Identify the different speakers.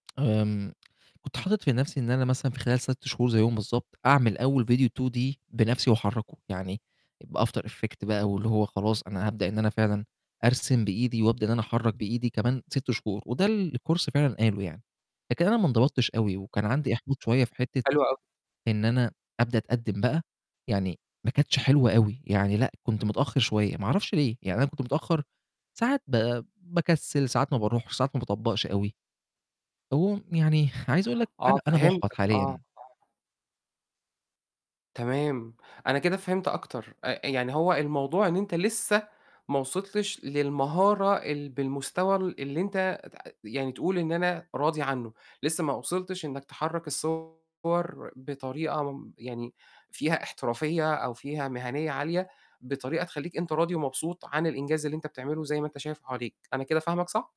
Speaker 1: آمم كنت حاطط في نفْسي إن أنا مثلًا في خلال 6 شهور زيهم بالضبط أعمل أول فيديو D 2D بنفْسي وأحركه يعني، بAfter Effect بقى واللي هو خلاص أنا هابدأ إن أنا فعلًا أرسم بإيدي وأبدأ إن أنا أحرك بإيدي كمان 6 شهور، وده اللي الCourse فعلًا قاله يعني، لكن أنا ما انضبطتش أوي وكان عندي إحباط شوية في حِتّة
Speaker 2: حلو أوي.
Speaker 1: إن أنا أبدأ أتقدّم بقى، يعني ما كانتش حلوة أوي، يعني لأ كنت متأخّر شوية، ما اعرفش ليه، يعني أنا كنت متأخّر ساعات ب باكسّل، ساعات ما باروحش، ساعات ما باطبقش أوي، على العموم يعني عايز أقول لك أنا
Speaker 2: آه
Speaker 1: أنا محبط
Speaker 2: فهمتك آه،
Speaker 1: حاليًا.
Speaker 2: آه. تمام، أنا كده فهمت أكتر أ يعني هو الموضوع إن أنت لسّه ما وصلتش للمهارة ال بالمستوى ال اللي أنت تع يعني تقول إن أنا راضي عنه، لسّه ما وصلتش إنك تحرّك الصور بطريقة م يعني فيها احترافية أو فيها مهنية عالية، بطريقة تخلّيك أنت راضي ومبسوط عن الإنجاز اللي أنت بتعمله زي ما أنت شايف حواليك، أنا كده فاهمك صح؟